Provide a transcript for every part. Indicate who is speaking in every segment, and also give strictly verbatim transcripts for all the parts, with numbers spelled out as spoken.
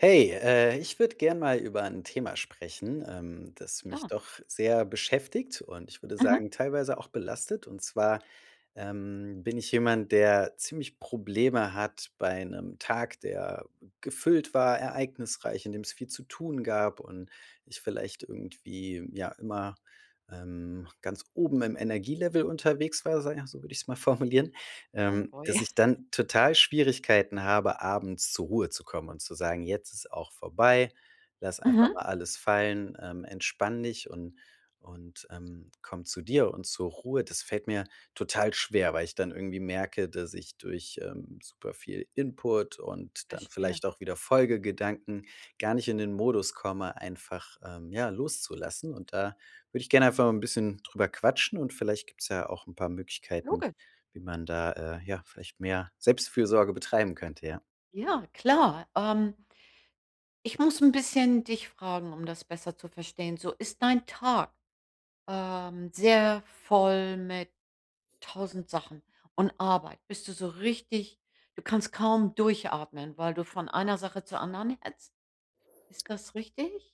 Speaker 1: Hey, äh, ich würde gerne mal über 'n Thema sprechen, ähm, das mich
Speaker 2: Klar.
Speaker 1: doch sehr beschäftigt und ich würde
Speaker 2: Mhm.
Speaker 1: sagen, teilweise auch belastet. Und zwar, ähm, bin ich jemand, der ziemlich Probleme hat bei 'nem Tag, der gefüllt war, ereignisreich, in dem es viel zu tun gab und ich vielleicht irgendwie, ja, immer, ähm, ganz oben im Energie-Level unterwegs war, sage ich also, würde ich es mal formulieren,
Speaker 2: Oh,
Speaker 1: ähm,
Speaker 2: boy.
Speaker 1: dass ich dann total Schwierigkeiten habe, abends zur Ruhe zu kommen und zu sagen: „Jetzt ist auch vorbei, lass einfach
Speaker 2: Mhm.
Speaker 1: mal alles fallen, ähm, entspann dich und und, ähm, komm zu dir und zur Ruhe“, das fällt mir total schwer, weil ich dann irgendwie merke, dass ich durch, ähm, super viel Input und dann
Speaker 2: Verstehe.
Speaker 1: vielleicht auch wieder Folgegedanken gar nicht in den Modus komme, einfach, ähm, ja, loszulassen. Und da würde ich gerne einfach mal 'n bisschen drüber quatschen und vielleicht gibt's ja auch 'n paar Möglichkeiten,
Speaker 2: Logisch!
Speaker 1: wie man da, äh, ja, vielleicht mehr Selbstfürsorge betreiben könnte, ja.
Speaker 2: Ja, klar. Ähm ich muss 'n bisschen dich fragen, um das besser zu verstehen. So, ist dein Tag, ähm, sehr voll mit tausend Sachen und Arbeit? Bist du so richtig du kannst kaum durchatmen, weil du von einer Sache zur anderen hetzt? Ist das richtig?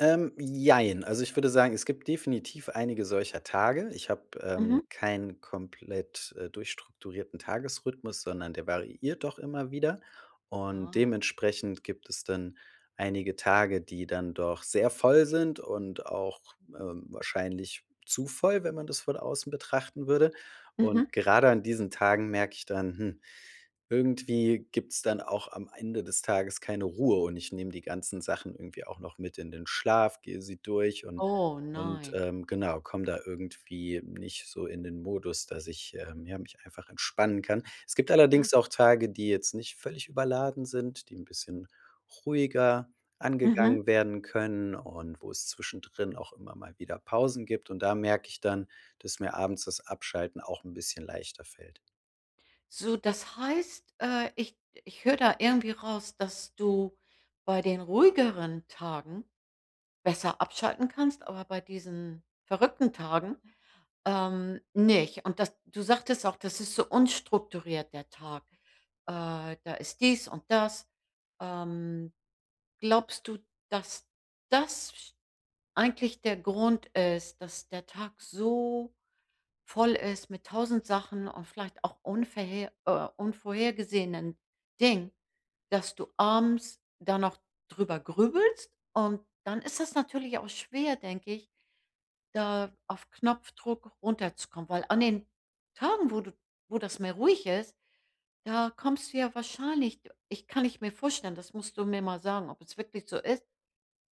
Speaker 1: Ähm, jein. Also, ich würde sagen, es gibt definitiv einige solcher Tage. Ich habe, ähm,
Speaker 2: Mhm.
Speaker 1: keinen komplett, äh, durchstrukturierten Tagesrhythmus, sondern der variiert doch immer wieder. Und
Speaker 2: Ah.
Speaker 1: dementsprechend gibt es dann einige Tage, die dann doch sehr voll sind und auch, äh, wahrscheinlich zu voll, wenn man das von außen betrachten würde. Und
Speaker 2: Mhm.
Speaker 1: gerade an diesen Tagen merke ich dann, hm, irgendwie gibt's dann auch am Ende des Tages keine Ruhe und ich nehme die ganzen Sachen irgendwie auch noch mit in den Schlaf, gehe sie durch und
Speaker 2: Oh,
Speaker 1: und,
Speaker 2: nein.
Speaker 1: ähm, genau, komme da irgendwie nicht so in den Modus, dass ich, ähm, ja, mich einfach entspannen kann. Es gibt
Speaker 2: Ja.
Speaker 1: allerdings auch Tage, die jetzt nicht völlig überladen sind, die 'n bisschen ruhiger
Speaker 2: Mhm.
Speaker 1: angegangen werden können und wo es zwischendrin auch immer mal wieder Pausen gibt. Und da merke ich dann, dass mir abends das Abschalten auch 'n bisschen leichter fällt.
Speaker 2: So, das heißt, äh, ich ich höre da irgendwie raus, dass du bei den ruhigeren Tagen besser abschalten kannst, aber bei diesen verrückten Tagen, ähm, nicht. Und dass du sagtest auch, das ist so unstrukturiert, der Tag. Äh, da ist dies und das, ähm. Glaubst du, dass das eigentlich der Grund ist, dass der Tag so voll ist mit tausend Sachen und vielleicht auch unverhe äh, unvorhergesehenen Dingen, dass du abends da noch drüber grübelst. Und dann ist es natürlich auch schwer, denke ich, da auf Knopfdruck runterzukommen. Weil an den Tagen, wo du wo das mehr ruhig ist, da kommst du ja wahrscheinlich ich kann ich mir vorstellen, das musst du mir mal sagen, ob es wirklich so ist.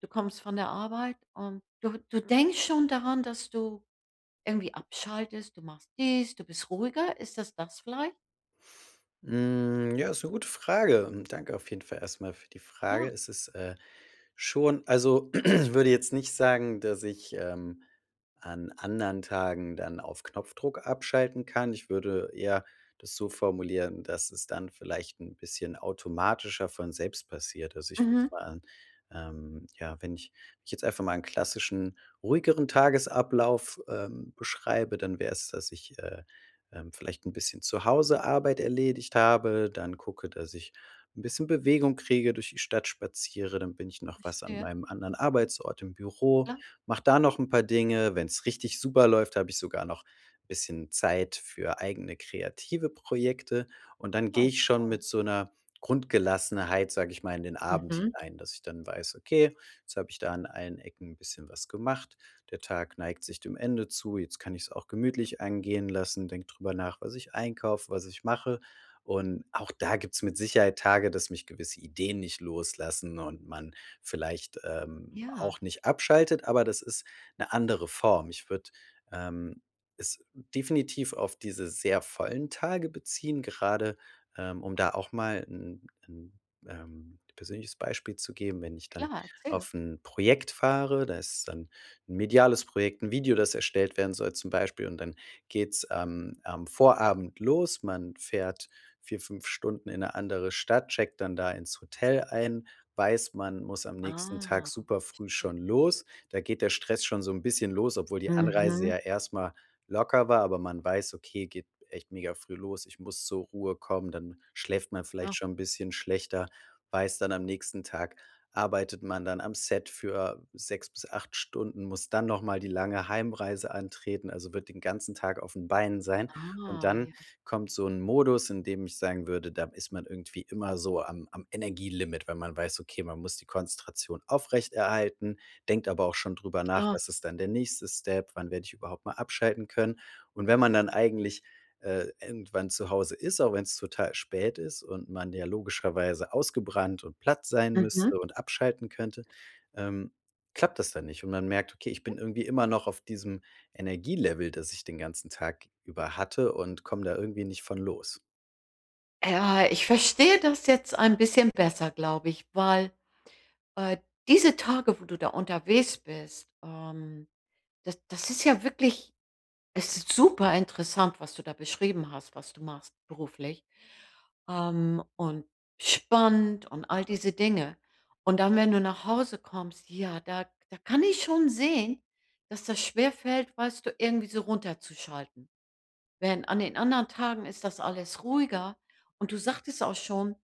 Speaker 2: Du kommst von der Arbeit und du du denkst schon daran, dass du irgendwie abschaltest, du machst dies, du bist ruhiger. Ist das das vielleicht?
Speaker 1: Hm, ja, ist 'ne gute Frage. Danke auf jeden Fall erst mal für die Frage.
Speaker 2: Klar.
Speaker 1: Es ist, äh, schon also, ich würde jetzt nicht sagen, dass ich, ähm, an anderen Tagen dann auf Knopfdruck abschalten kann. Ich würde eher das so formulieren, dass es dann vielleicht 'n bisschen automatischer von selbst passiert. Also, ich würde
Speaker 2: Mhm.
Speaker 1: sagen, ähm, ja, wenn ich ich jetzt einfach mal 'n klassischen ruhigeren Tagesablauf, ähm, beschreibe, dann wär's, dass ich, äh, ähm, vielleicht 'n bisschen zu Hause Arbeit erledigt habe, dann gucke, dass ich 'n bisschen Bewegung kriege, durch die Stadt spaziere, dann bin ich noch was an
Speaker 2: Verstehe.
Speaker 1: meinem anderen Arbeitsort im Büro.
Speaker 2: Ja.
Speaker 1: Mache da noch 'n paar Dinge. Wenn's richtig super läuft, habe ich sogar noch 'n bisschen Zeit für eigene kreative Projekte. Und dann gehe
Speaker 2: Toll,
Speaker 1: ich schon
Speaker 2: toll.
Speaker 1: mit so 'ner Grundgelassenheit, sage ich mal, in den Abend
Speaker 2: Mhm.
Speaker 1: hinein, dass ich dann weiß: „Okay, jetzt habe ich da an allen Ecken 'n bisschen was gemacht. Der Tag neigt sich dem Ende zu. Jetzt kann ich's auch gemütlich angehen lassen,“ denke drüber nach, was ich einkaufe, was ich mache. Und auch da gibt's mit Sicherheit Tage, dass mich gewisse Ideen nicht loslassen und man vielleicht, ähm,
Speaker 2: Ja.
Speaker 1: auch nicht abschaltet, aber das ist 'ne andere Form. Ich würde, ähm, es definitiv auf diese sehr vollen Tage beziehen, gerade, ähm, um da auch mal 'n 'n, ähm, persönliches Beispiel zu geben. Wenn ich dann
Speaker 2: Klar, erzähl.
Speaker 1: auf 'n Projekt fahre, da ist dann 'n mediales Projekt, 'n Video, das erstellt werden soll zum Beispiel und dann geht's am am Vorabend los. Man fährt vier, fünf Stunden in 'ne andere Stadt, checkt dann da ins Hotel ein, weiß, man muss am nächsten Tag
Speaker 2: Ah,
Speaker 1: super früh
Speaker 2: verstehe.
Speaker 1: schon los. Da geht der Stress schon so 'n bisschen los, obwohl die Anreise
Speaker 2: Mhm.
Speaker 1: ja erst mal locker war. Aber man weiß: „Okay, geht echt mega früh los. Ich muss zur Ruhe kommen.“ Dann schläft man vielleicht
Speaker 2: Ja.
Speaker 1: schon 'n bisschen schlechter, weiß, dann am nächsten Tag arbeitet man dann am Set für sechs bis acht Stunden, muss dann noch mal die lange Heimreise antreten, also wird den ganzen Tag auf 'n Beinen sein. Und
Speaker 2: Ah,
Speaker 1: dann
Speaker 2: ja.
Speaker 1: kommt so 'n Modus, in dem ich sagen würde, da ist man irgendwie immer so am am Energielimit, wenn man weiß, okay, man muss die Konzentration aufrechterhalten, denkt aber auch schon drüber nach:
Speaker 2: Klar.
Speaker 1: „Was ist dann der nächste Step? Wann werde ich überhaupt mal abschalten können?“ Und wenn man dann eigentlich, äh, irgendwann zu Hause ist, auch wenn's total spät ist und man ja logischerweise ausgebrannt und platt sein
Speaker 2: Mhm.
Speaker 1: müsste und abschalten könnte, ähm, klappt das dann nicht. Und man merkt: „Okay, ich
Speaker 2: Mhm.
Speaker 1: bin irgendwie immer noch auf diesem Energielevel, das ich den ganzen Tag über hatte.“ Und komme da irgendwie nicht von los.
Speaker 2: Ja. Ich verstehe das jetzt ein bisschen besser, glaube ich, weil, äh, diese Tage, wo du da unterwegs bist, ähm, das das ist ja wirklich es ist super interessant, was du da beschrieben hast, was du machst beruflich, ähm, und spannend und all diese Dinge. Und dann, wenn du nach Hause kommst, ja, da da kann ich schon sehen, dass das schwerfällt, weißt du, irgendwie so runterzuschalten. Wenn an den anderen Tagen ist das alles ruhiger und du sagtest auch schon,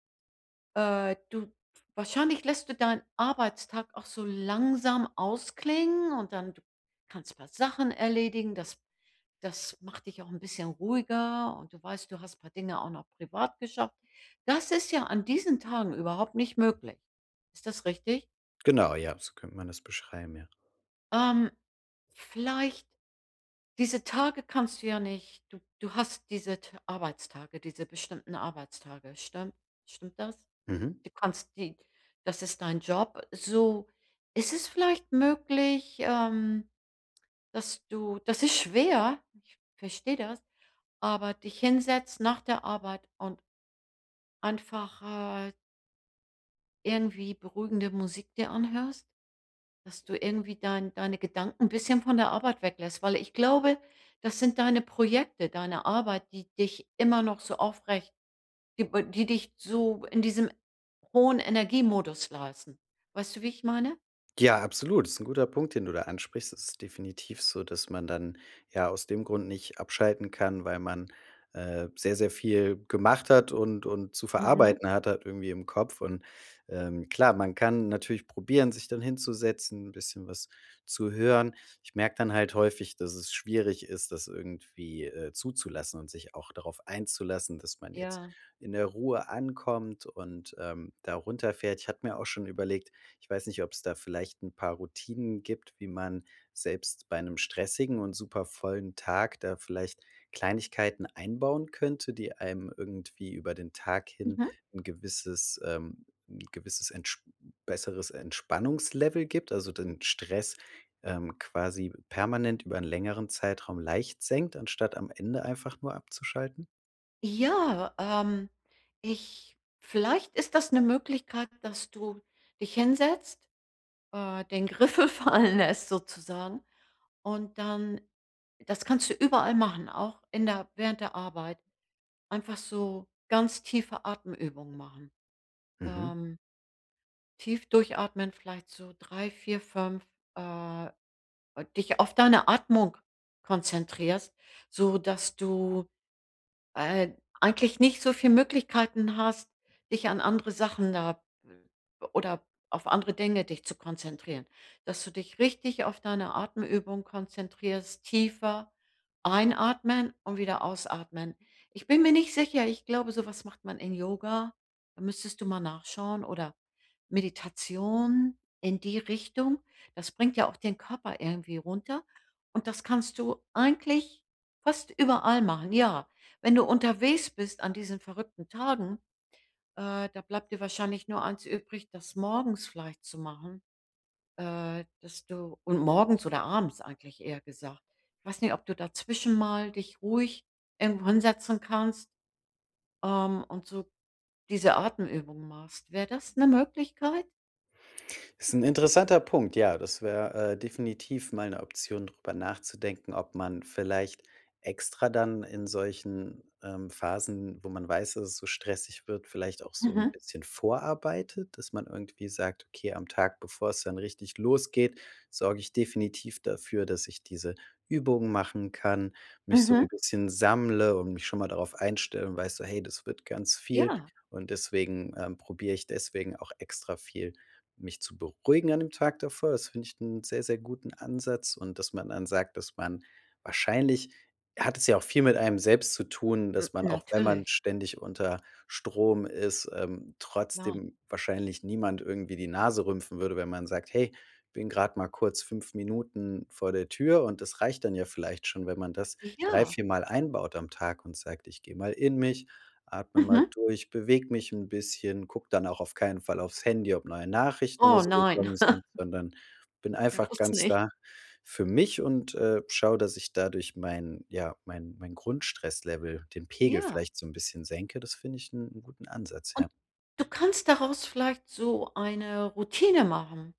Speaker 2: äh, du Wahrscheinlich lässt du deinen Arbeitstag auch so langsam ausklingen und dann kannst du paar Sachen erledigen, das das macht dich auch 'n bisschen ruhiger und du weißt, du hast 'n paar Dinge auch noch privat geschafft. Das ist ja an diesen Tagen überhaupt nicht möglich. Ist das richtig?
Speaker 1: Genau, ja, so könnte man das beschreiben, ja.
Speaker 2: Ähm. Vielleicht diese Tage kannst du ja nicht du du hast diese t Arbeitstage, diese bestimmten Arbeitstage, stimmt stimmt das?
Speaker 1: Mhm.
Speaker 2: Du kannst die das ist dein Job, so. Ist es vielleicht möglich, ähm, dass du das ist schwer, ich verstehe das, aber dich hinsetzt nach der Arbeit und einfach halt irgendwie beruhigende Musik dir anhörst, dass du irgendwie dein deine Gedanken 'n bisschen von der Arbeit weglässt. Weil ich glaube, das sind deine Projekte, deine Arbeit, die dich immer noch so aufrecht, die b die dich so in diesem hohen Energiemodus lassen. Weißt du, wie ich meine?
Speaker 1: Ja, absolut. Ist 'n guter Punkt, den du da ansprichst. Es ist definitiv so, dass man dann, ja, aus dem Grund nicht abschalten kann, weil man, äh, sehr, sehr viel gemacht hat und und zu
Speaker 2: Mhm.
Speaker 1: verarbeiten hat halt irgendwie im Kopf. Und, ähm, klar, man kann natürlich probieren, sich dann hinzusetzen, 'n bisschen was zu hören. Ich merke dann halt häufig, dass es schwierig ist, das irgendwie, äh, zuzulassen und sich auch darauf einzulassen, dass man jetzt
Speaker 2: Ja.
Speaker 1: in der Ruhe ankommt und, ähm, da runterfährt. Ich hatte mir auch schon überlegt ich weiß nicht, ob's da vielleicht 'n paar Routinen gibt, wie man selbst bei 'nem stressigen und super vollen Tag da vielleicht Kleinigkeiten einbauen könnte, die einem irgendwie über den Tag hin
Speaker 2: Mhm.
Speaker 1: 'n gewisses ähm, 'n gewisses Entsp besseres Entspannungslevel gibt, also den Stress, ähm, quasi permanent über 'n längeren Zeitraum leicht senkt, anstatt am Ende einfach nur abzuschalten?
Speaker 2: Ja, ähm, ich Vielleicht ist das 'ne Möglichkeit, dass du dich hinsetzt, äh, den Griffel fallen lässt sozusagen und dann das kannst du überall machen, auch in der während der Arbeit, einfach so ganz tiefe Atemübungen machen.
Speaker 1: Mhm.
Speaker 2: Ähm. Tief durchatmen vielleicht so drei, vier, fünf, äh, dich auf deine Atmung konzentrierst, so dass du, äh, eigentlich nicht so viel Möglichkeiten hast, dich an andere Sachen, da oder auf andere Dinge dich zu konzentrieren. Dass du dich richtig auf deine Atemübung konzentrierst, tiefer einatmen und wieder ausatmen. Ich bin mir nicht sicher, ich glaube, so was macht man in Yoga, da müsstest du mal nachschauen. Oder Meditation, in die Richtung. Das bringt ja auch den Körper irgendwie runter und das kannst du eigentlich fast überall machen. Ja, wenn du unterwegs bist an diesen verrückten Tagen, äh, da bleibt dir wahrscheinlich nur eins übrig, das morgens vielleicht zu machen, äh, dass du und morgens oder abends eigentlich eher gesagt. Ich weiß nicht, ob du dazwischen mal dich ruhig irgendwo hinsetzen kannst, ähm, und so diese Atemübungen machst. Wäre das 'ne Möglichkeit?
Speaker 1: Ist 'n interessanter Punkt. Ja, das wäre, äh, definitiv mal ‘ne Option, drüber nachzudenken, ob man vielleicht extra dann in solchen, ähm, Phasen, wo man weiß, dass es so stressig wird, vielleicht auch so ‘n
Speaker 2: Aha.
Speaker 1: bisschen vorarbeitet, dass man irgendwie sagt: „Okay, am Tag, bevor es dann richtig losgeht, sorge ich definitiv dafür, dass ich diese Übungen machen kann, mich so
Speaker 2: Mhm.
Speaker 1: ‘n bisschen sammle und mich schon mal darauf einstelle und weiß so: 'Hey, das wird ganz viel.'
Speaker 2: Ja.
Speaker 1: Und deswegen, ähm, probiere ich deswegen auch extra viel mich zu beruhigen an dem Tag davor.“ Das find ich 'n sehr, sehr guten Ansatz und dass man dann sagt, dass man Wahrscheinlich, hat es ja auch viel mit einem selbst zu tun,
Speaker 2: M
Speaker 1: dass man, auch wenn man
Speaker 2: natürlich.
Speaker 1: ständig unter Strom ist, ähm,
Speaker 2: Klar.
Speaker 1: trotzdem wahrscheinlich niemand irgendwie die Nase rümpfen würde, wenn man sagt: „Hey, bin grad mal kurz fünf Minuten vor der Tür.“ Und das reicht dann ja vielleicht schon, wenn man das drei,
Speaker 2: Ja.
Speaker 1: vier mal einbaut am Tag und sagt: „Ich gehe mal in mich, atme mal
Speaker 2: Mhm.
Speaker 1: durch, bewege mich 'n bisschen, gucke dann auch auf keinen Fall auf‘s Handy, ob neue Nachrichten oder
Speaker 2: Oh,
Speaker 1: so
Speaker 2: nein.
Speaker 1: gekommen sind, sondern bin einfach
Speaker 2: Bloß
Speaker 1: ganz
Speaker 2: nicht.
Speaker 1: da für mich und, äh, schaue, dass ich dadurch mein ja, mein mein Grundstress-Level, den Pegel
Speaker 2: Ja.
Speaker 1: vielleicht so ‘n bisschen senke.“ Das finde ich 'n 'n guten Ansatz,
Speaker 2: Und,
Speaker 1: ja.
Speaker 2: du kannst daraus vielleicht so eine Routine machen,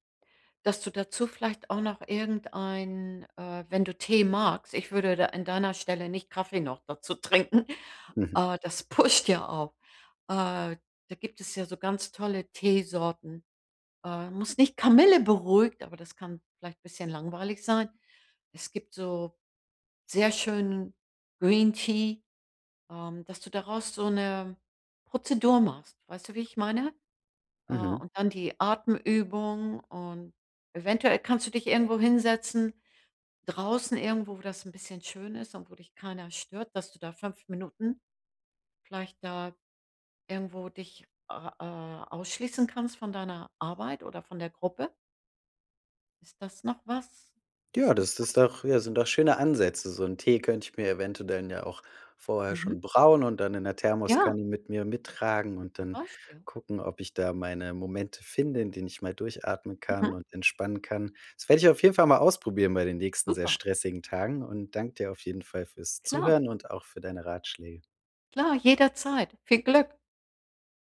Speaker 2: dass du dazu vielleicht auch noch irgendein, äh wenn du Tee magst, ich würde da an deiner Stelle nicht Kaffee noch dazu trinken,
Speaker 1: Mhm.
Speaker 2: äh, das pusht ja auch. Äh, da gibt es ja so ganz tolle Teesorten. Äh, muss nicht Kamille beruhigt, aber das kann vielleicht bisschen langweilig sein. Es gibt so sehr schönen Green Tea, ähm, dass du daraus so 'ne Prozedur machst. Weißt du, wie ich meine? Äh,
Speaker 1: Mhm.
Speaker 2: und dann die Atemübung und eventuell kannst du dich irgendwo hinsetzen. Draußen irgendwo, wo das 'n bisschen schön ist und wo dich keiner stört, dass du da fünf Minuten vielleicht da irgendwo dich a a ausschließen kannst von deiner Arbeit oder von der Gruppe? Ist das noch was, was
Speaker 1: Ja,
Speaker 2: du
Speaker 1: das
Speaker 2: vielleicht
Speaker 1: das doch ja, sind doch schöne Ansätze. So ‘n Tee könnte ich mir eventuell ja auch vorher
Speaker 2: Mhm.
Speaker 1: schon brauen und dann in der
Speaker 2: Ja.
Speaker 1: Thermoskanne mit mir mittragen und
Speaker 2: Zum
Speaker 1: dann
Speaker 2: Beispiel.
Speaker 1: gucken, ob ich da meine Momente finde, in denen ich mal durchatmen kann
Speaker 2: Mhm.
Speaker 1: und entspannen kann. Das werde ich auf jeden Fall mal ausprobieren bei den nächsten sehr
Speaker 2: Super.
Speaker 1: stressigen Tagen und danke dir auf jeden Fall fürs
Speaker 2: Klar.
Speaker 1: Zuhören und auch für deine Ratschläge.
Speaker 2: Klar, jederzeit. Viel Glück.